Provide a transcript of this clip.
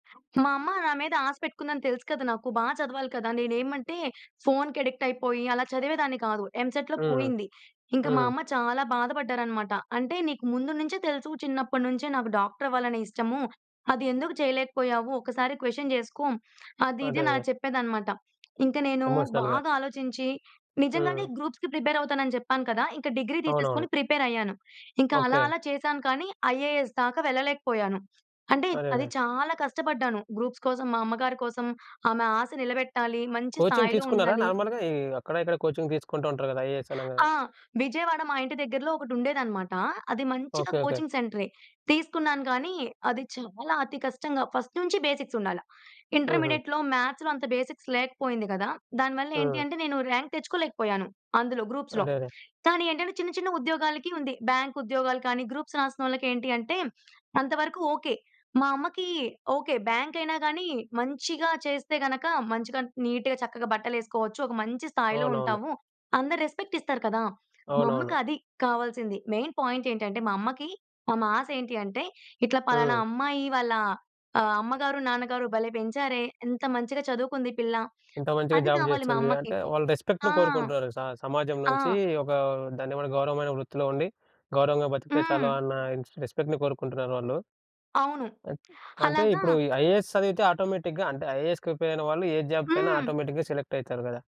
మా అమ్మ నా మీద ఆశ పెట్టుకుందని తెలుసు కదా! నాకు బాగా చదవాలి కదా! నేనేమంటే ఫోన్‌కి అడిక్ట్ అయిపోయి, అలా చదివేదాన్ని కాదు. ఎంసెట్‌లో హ్మ్. పోయింది. ఇంకా మా హ్మ్. అమ్మ చాలా బాధపడ్డారన్నమాట. అంటే, "నీకు ముందు నుంచే తెలుసు, చిన్నప్పటి నుంచే నాకు డాక్టర్ అవ్వాలనే ఇష్టము, అది ఎందుకు చేయలేకపోయావు? ఒక్కసారి క్వశ్చన్ చేసుకో" అది, ఇది అదే, అదే. అని చెప్పేదన్నమాట. ఇంకా నేను ఎమోషనల్‌గా. బాగా ఆలోచించి, నిజంగానే హ్మ్. గ్రూప్స్‌కి ప్రిపేర్ అవుతాన‌న్ని చెప్పాను కదా! ఇంక డిగ్రీ అవునవును. తీసేసుకొని ప్రిపేరయ్యాను. ఇంకా అలా, ఓకే. అలా చేశాను కానీ, ఐఏఎస్ దాకా వెళ్ళలేకపోయాను. అంటే, అది అరరే! చాలా కష్టపడ్డాను గ్రూప్స్ కోసం, మా అమ్మగారి కోసం ఆమె ఆశ నిలబెట్టాలి, మంచి కోచింగ్ స్థాయిలో తీసుకున్నారా? ఉండాలి. నార్మల్‌గా ఈ అక్కడ, ఇక్కడ కోచింగ్ తీసుకుంటూ ఉంటారు కదా, ఐఏఎస్ అనగా ఆ! విజయవాడ మా ఇంటి దగ్గరలో ఒకటుండేదన్నమాట. అది మంచిగా ఓకే, ఓకే. కోచింగ్ సెంటరే. తీసుకున్నాను కానీ, అది చాలా అతి కష్టంగా ఫస్ట్ నుంచి బేసిక్స్ ఉండాల. హుహు. ఇంటర్మీడియేట్‌లో, మ్యాథ్స్‌లో అంత బేసిక్స్ లేకపోయింది కదా! దానివల్ల ఏంటి హ్మ్. అంటే, నేను ర్యాంక్ తెచ్చుకోలేకపోయాను. అందులో గ్రూప్స్‌లో. అరరే! కానీ, ఏంటంటే చిన్న, చిన్న ఉద్యోగాలకి ఉంది, బ్యాంక్ ఉద్యోగాలు కానీ, గ్రూప్స్ రాసినోళ్ళకేంటి అంటే అంత వరకు ఓకే. మా అమ్మకి ఓకే, బ్యాంక్ అయినా గాని మంచిగా చేస్తే గనుక, మంచిగా నీట్‌గా చక్కగా బట్టలెసుకోవచ్చు. ఒక మంచి స్థాయిలో అవునవును. ఉంటాము. అందరూ రెస్‌పెక్ట్ ఇస్తారు కదా! మా అమ్మకి అవునవును. అది కావాల్సింది. మెయిన్ పాయింట్ ఏంటంటే మా అమ్మకి, మా మాశ ఏంటంటే, ఇట్లా పలానా హ్మ్. అమ్మాయి వాళ్ళ ఆహ్, అమ్మగారు, నాన్నగారు భలే పెంచారే, ఎంత మంచిగా చదువుకుంది పిల్ల, ఎంత మంచిగా అది జాబ్ కావాలి మా చేస్తుంది. అమ్మకి. అంటే, వాళ్ళు రెస్పెక్ట్‌ని ఆ! కోరుకుంటున్నారు స సమాజం ఆ! నుంచి ఒక దాన్నేమంటారు గౌరవమైన వృత్తిలో ఉండి, గౌరవంగా బ్రతికితే చాలు హ్మ్. అన్న ఇన్స్ రెస్పెక్ట్‌ని కోరుకుంటున్నారు వాళ్ళు. అవును. అన్ అంటే, అలాగా ఇప్పుడు ఈ ఐఏఎస్ చదివితే ఆటోమేటిక్‌గా అంటే, ఐఏఎస్‌కి ప్రిపేరైన వాళ్ళు ఏ జాబ్‌కైనా హ్మ్. ఆటోమేటిక్‌గా సెలెక్టయితరు కదా!